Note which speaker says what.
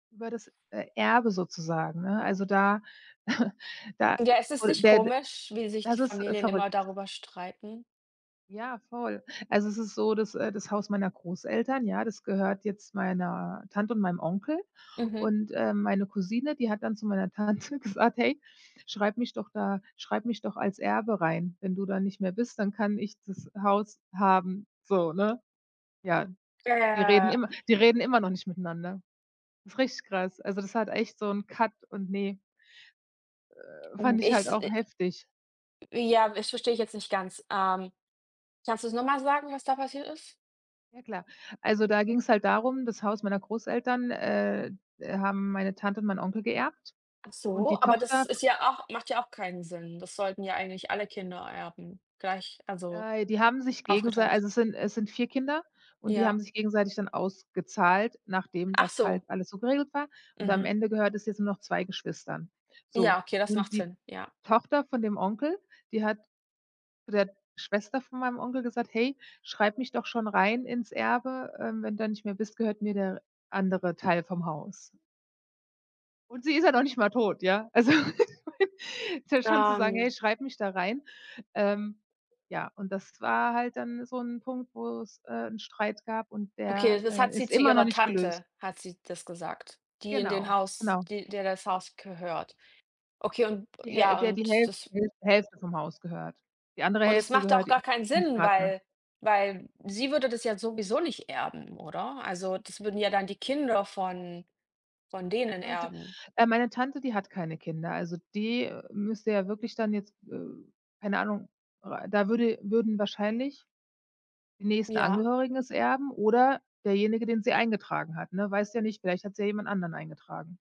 Speaker 1: Über das, äh, Erbe sozusagen, ne? Also da da,
Speaker 2: Ja, ist es
Speaker 1: wohl
Speaker 2: nicht
Speaker 1: bed
Speaker 2: komisch, wie sich die
Speaker 1: das ist, äh,
Speaker 2: Familien immer
Speaker 1: verrückt.
Speaker 2: darüber streiten?
Speaker 1: Ja, voll. Also es ist so das äh, das Haus meiner Großeltern, ja, das gehört jetzt meiner Tante und meinem Onkel.
Speaker 2: Mhm.
Speaker 1: Und, äh, meine Cousine, die hat dann zu meiner Tante gesagt: „Hey, schreib mich doch da schreib mich doch als Erbe rein. Wenn du dann nicht mehr bist, dann kann ich das Haus haben.“ So, ne? Ja, die reden
Speaker 2: Ja,
Speaker 1: immer
Speaker 2: äh
Speaker 1: die reden immer noch nicht miteinander. Das ist richtig krass. Also, das hat echt so 'n Cut und, ne. Äh, fand ich
Speaker 2: Ich
Speaker 1: halt auch
Speaker 2: se
Speaker 1: heftig.
Speaker 2: Ja, das verstehe ich jetzt nicht ganz, ähm. Kannst du's nochmal sagen, was da passiert ist?
Speaker 1: Ja klar. Also, da ging's halt darum, das Haus meiner Großeltern, äh, äh, haben meine Tante und mein Onkel geerbt
Speaker 2: Ach
Speaker 1: und
Speaker 2: so,
Speaker 1: die
Speaker 2: aber das
Speaker 1: Tochter.
Speaker 2: ist ja auch macht ja auch keinen Sinn. Das sollten ja eigentlich alle Kinder Erben gleich also
Speaker 1: Äh, die haben sich gegensei
Speaker 2: aufgeteilt.
Speaker 1: also es sind es sind 4 Kinder und die haben
Speaker 2: Ja.
Speaker 1: sich gegenseitig dann ausgezahlt, nachdem
Speaker 2: Ach
Speaker 1: das halt
Speaker 2: so.
Speaker 1: alles so geregelt war. Und am
Speaker 2: Mhm.
Speaker 1: Ende gehört es jetzt nur noch 2 Geschwistern. So,
Speaker 2: Ja, okay, das
Speaker 1: und
Speaker 2: macht
Speaker 1: die
Speaker 2: Sinn, ja.
Speaker 1: Tochter von dem Onkel, die hat zu der Schwester von meinem Onkel gesagt: „Hey, schreib mich doch schon rein ins Erbe, ähm, wenn du nicht mehr bist, gehört mir der andere Teil vom Haus.“ Und sie ist ja noch nicht mal tot, ja? Also, ist ja schon zu sagen: „Hey,
Speaker 2: Ähm.
Speaker 1: schreib mich da rein.“ Ähm, ja, und das war halt dann so 'n Punkt, wo's, äh, 'n Streit gab und der,
Speaker 2: Okay, das hat
Speaker 1: äh,
Speaker 2: sie
Speaker 1: ist
Speaker 2: zu
Speaker 1: immer noch
Speaker 2: ihrer
Speaker 1: nicht gelöst.
Speaker 2: Tante, hat sie das gesagt, die in dem
Speaker 1: Genau,
Speaker 2: Haus,
Speaker 1: genau.
Speaker 2: die der das Haus gehört. Okay, und
Speaker 1: Die Häl
Speaker 2: ja,
Speaker 1: der die
Speaker 2: und
Speaker 1: Häl
Speaker 2: das
Speaker 1: Hälf Hälfte vom Haus gehört. Die andere
Speaker 2: Und es
Speaker 1: Hälfte
Speaker 2: macht
Speaker 1: gehört
Speaker 2: auch
Speaker 1: ihrem
Speaker 2: gar keinen Sinn,
Speaker 1: Partner.
Speaker 2: weil weil sie würde das ja sowieso nicht erben, oder? Also, das würden ja dann die Kinder von von denen
Speaker 1: Meine Ta
Speaker 2: erben.
Speaker 1: äh, meine Tante, die hat keine Kinder. Also, die müsste ja wirklich dann jetzt, äh keine Ahnung, äh, da würde würden wahrscheinlich die nächsten
Speaker 2: Ja.
Speaker 1: Angehörigen es erben oder derjenige, den sie eingetragen hat, ne? Weißt ja nicht, vielleicht hat sie ja jemand anderen eingetragen.